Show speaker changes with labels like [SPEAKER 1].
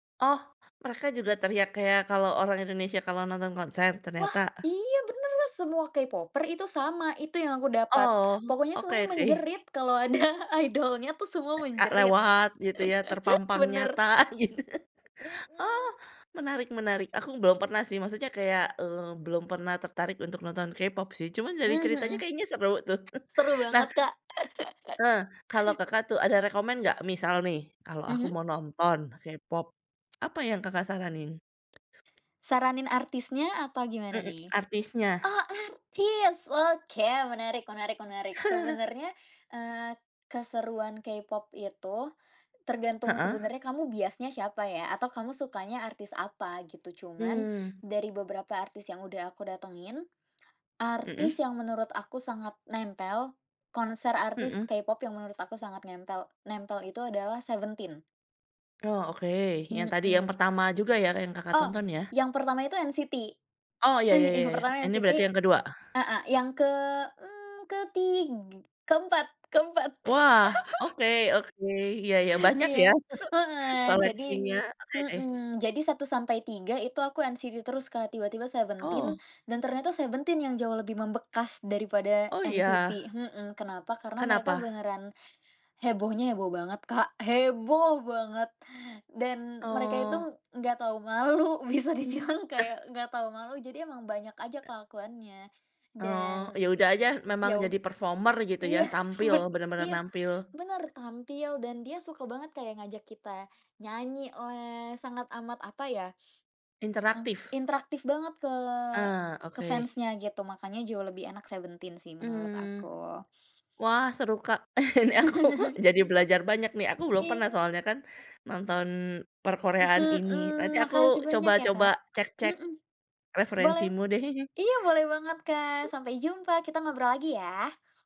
[SPEAKER 1] Oh, mereka juga teriak kayak kalau orang Indonesia kalau nonton konser
[SPEAKER 2] Wah,
[SPEAKER 1] ternyata?
[SPEAKER 2] iya bener Mas, semua Kpopers itu sama, itu yang aku dapat.
[SPEAKER 1] Oh.
[SPEAKER 2] Pokoknya
[SPEAKER 1] Oke
[SPEAKER 2] semuanya
[SPEAKER 1] oke.
[SPEAKER 2] menjerit kalau ada idol-nya tuh semua
[SPEAKER 1] A
[SPEAKER 2] menjerit.
[SPEAKER 1] lewat gitu ya, terpampang
[SPEAKER 2] Bener.
[SPEAKER 1] nyata, gitu. Ah,
[SPEAKER 2] Mhm.
[SPEAKER 1] menarik menarik. Aku belum pernah sih maksudnya kayak, eee, belum pernah tertarik untuk nonton K-pop sih, cuma dari
[SPEAKER 2] Mhm
[SPEAKER 1] ceritanya
[SPEAKER 2] mhm.
[SPEAKER 1] kayaknya seru tuh.
[SPEAKER 2] Seru
[SPEAKER 1] Nah,
[SPEAKER 2] banget, Kak.
[SPEAKER 1] eh, kalau Kakak tuh ada rekomen nggak misal nih kalau aku
[SPEAKER 2] Mhm.
[SPEAKER 1] mau nonton K-pop, apa yang Kakak saranin?
[SPEAKER 2] Saranin artisnya atau gimana
[SPEAKER 1] Mhm,
[SPEAKER 2] nih?
[SPEAKER 1] artisnya.
[SPEAKER 2] Oh artis, oke, menarik menarik menarik. Sebenarnya, eee, keseruan Kpop itu tergantung
[SPEAKER 1] Heeh.
[SPEAKER 2] sebenarnya kamu biasnya siapa ya, atau kamu sukanya artis apa, gitu. Cuman
[SPEAKER 1] Hmm.
[SPEAKER 2] dari beberapa artis yang udah aku datengin,
[SPEAKER 1] Mhm.
[SPEAKER 2] artis yang menurut aku sangat nempel, konser artis
[SPEAKER 1] Mhm.
[SPEAKER 2] Kpop yang menurut aku sangat nempel nempel itu adalah Seventeen.
[SPEAKER 1] Oh, oke, yang tadi yang
[SPEAKER 2] Mhm.
[SPEAKER 1] pertama juga ya yang Kakak
[SPEAKER 2] Oh,
[SPEAKER 1] tonton ya?
[SPEAKER 2] yang pertama itu NCT,
[SPEAKER 1] Oh, ya ya
[SPEAKER 2] Eh,
[SPEAKER 1] ya
[SPEAKER 2] yang
[SPEAKER 1] ya ya.
[SPEAKER 2] pertama
[SPEAKER 1] Ini
[SPEAKER 2] NCT,
[SPEAKER 1] berarti yang ke-2?
[SPEAKER 2] heeh, yang ke mmm, ketig keempat keempat.
[SPEAKER 1] Wah, oke oke. Iya iya. Banyak ya
[SPEAKER 2] Iya, heeh, jadi
[SPEAKER 1] koleksinya, oke oke.
[SPEAKER 2] mhm, jadi 1 sampai 3 itu aku NCT terus Kak, tiba-tiba Seventeen
[SPEAKER 1] Oh.
[SPEAKER 2] dan ternyata Seventeen yang jauh lebih membekas dari pada
[SPEAKER 1] Oh
[SPEAKER 2] NCT,
[SPEAKER 1] iya?
[SPEAKER 2] mhm, kenapa? Karena mereka
[SPEAKER 1] Kenapa?
[SPEAKER 2] beneran hebohnya heboh banget Kak, heboh banget dan mereka itu
[SPEAKER 1] Oh.
[SPEAKER 2] enggak tahu malu, bisa dibilang
[SPEAKER 1] Eh.
[SPEAKER 2] kayak enggak tahu malu, jadi emang banyak aja kelakuannya.
[SPEAKER 1] Oh.
[SPEAKER 2] Dan
[SPEAKER 1] Ya udah aja memang
[SPEAKER 2] ya ud
[SPEAKER 1] jadi performer gitu ya,
[SPEAKER 2] iya,
[SPEAKER 1] tampil
[SPEAKER 2] ben
[SPEAKER 1] bener-bener
[SPEAKER 2] iya,
[SPEAKER 1] nampil?
[SPEAKER 2] bener. Tampil dan dia suka banget kayak ngajak kita nyanyilah, sangat amat, apa ya, m
[SPEAKER 1] Interaktif.
[SPEAKER 2] interaktif banget ke
[SPEAKER 1] Ah,
[SPEAKER 2] ke
[SPEAKER 1] oke.
[SPEAKER 2] fans-nya gitu, makanya jauh lebih enak Seventeen sih menurut
[SPEAKER 1] Mmm.
[SPEAKER 2] aku.
[SPEAKER 1] Wah seru Kak, ini aku jadi belajar banyak nih. Aku belum pernah
[SPEAKER 2] Iya.
[SPEAKER 1] soalnya kan nonton
[SPEAKER 2] Se
[SPEAKER 1] perkoreaan ini.
[SPEAKER 2] eee,
[SPEAKER 1] Nanti aku
[SPEAKER 2] makasih banyak ya
[SPEAKER 1] coba-coba
[SPEAKER 2] Kak.
[SPEAKER 1] cek-cek
[SPEAKER 2] Mhm. Boleh.
[SPEAKER 1] referensimu deh.
[SPEAKER 2] Iya boleh banget, Kak. Sampai jumpa kita ngobrol lagi ya.